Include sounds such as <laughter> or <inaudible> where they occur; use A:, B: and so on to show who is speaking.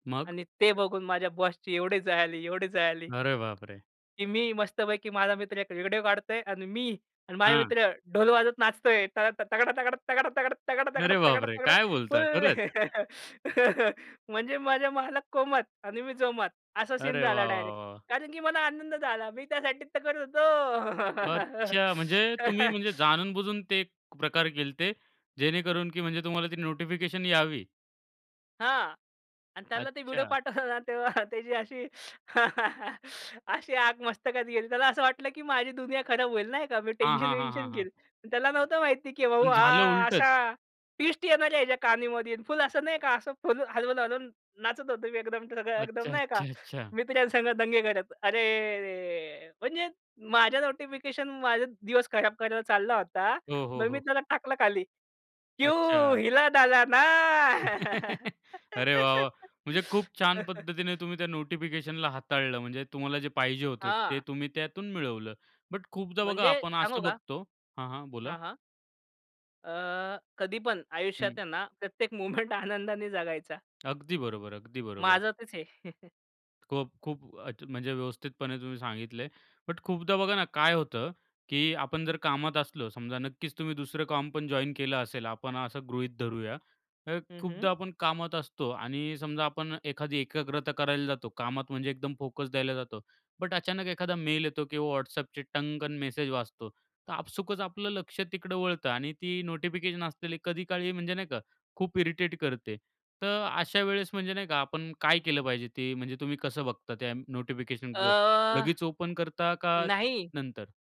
A: मग.
B: आणि ते बघून माझ्या बॉसची एवढी जळाली, एवढी जळाली.
A: अरे बापरे!
B: की मी मस्तपैकी माझा मित्र एक व्हिडिओ काढतो आहे आणि मी आणि माझे
A: हां.
B: मित्र ढोल वाजत नाचतो आहे त तगडा तगडा तगडा तगडा तगडा तगडा
A: अरे
B: तगडा
A: बापरे!
B: तगडा
A: काय बोलता?
B: फुल.
A: खरंच.
B: <laughs> म्हणजे माझे मालक कोमात आणि मी जोमात असा सीन
A: अरे
B: झाला
A: वाह, वाह,
B: डायरेक्ट.
A: वाह!
B: कारण की मला आनंद झाला. मी त्यासाठी तर करत होतो.
A: अच्छा. म्हणजे तुम्ही म्हणजे
B: <laughs>
A: जाणून बुजून ते प्रकार केले होते जेणेकरून की म्हणजे तुम्हाला ती नोटिफिकेशन यावी.
B: हां. आणि त्याला ते व्हिडिओ
A: अच्छा.
B: पाठवलं ना तेव्हा त्याची अशी <laughs> अशी आग मस्तकात गेली. त्याला असं वाटलं की माझी दुनिया खराब होईल नाही का. मी
A: हां,
B: टेन्शन
A: हां, हां,
B: वेंशन
A: हां, हां.
B: घेईल. त्याला नव्हतं माहिती की भाऊ
A: पण झालं
B: हा अशा
A: उलटच?
B: ट्विस्ट येणाऱ्या ह्याच्या कानामध्ये फुल असं नाही का आणि असं फुल हलवून-हलवून नाचत होतो मी एकदम सगळं एकदम
A: अच्छा,
B: नाही का
A: अच्छा, अच्छा.
B: मित्रांस दंगे करत. अरेरे! म्हणजे माझ्या नोटिफिकेशन, माझा दिवस खराब करायला चालला होता
A: हो, हो,
B: मग मी
A: हो.
B: त्याला टाकलं खाली. क्यू
A: अच्छा.
B: हिला डाला ना
A: <chuckles> अरे वाह, वाह! म्हणजे खूप छान पद्धतीने
B: <laughs>
A: तुम्ही त्या नोटिफिकेशनला हाताळलं. म्हणजे तुम्हाला जे पाहिजे होतं ते
B: हां.
A: तुम्ही त्यातून मिळवलं. बट खूपदा बघा
B: म्हणजे
A: आपण
B: सांगू
A: असं
B: का?
A: बघतो हां, हां. बोला.
B: हां, हां. अ, कधी पण आयुष्यात
A: हं.
B: आहे ना प्रत्येक मोमेंट आनंदाने जगायचा.
A: अगदी बरोबर. अगदी बरोबर.
B: माझं तेच आहे. <chuckles>
A: खूप, खूप. अ, म्हणजे व्यवस्थितपणे तुम्ही सांगितलं आहे. बट खूपदा बघा ना काय होतं, की आपण जर कामात असलो समजा नक्कीच तुम्ही दुसरं काम पण जॉइन केलं असेल आपण असं गृहीत धरूया. तर
B: हं, हं.
A: खूपदा आपण कामात असतो आणि समजा आपण एखादी एकाग्रता करायला जातो कामात म्हणजे एकदम फोकस द्यायला जातो. बट अचानक एखादा मेल येतो किंवा WhatsAppचे टंगकन मेसेज वाचतो. तर आपसूकच आपलं लक्ष तिकडं वळतं आणि ती नोटिफिकेशन असलेली कधी काळी म्हणजे नाही का खूप इरिटेट करते. तर अशा वेळेस म्हणजे नाही का आपण काय केलं पाहिजे? ते म्हणजे तुम्ही कसं बघता त्या नोटिफिकेशनकडे?
B: अ,
A: लगेच ओपन करता का
B: नाही.
A: नंतर?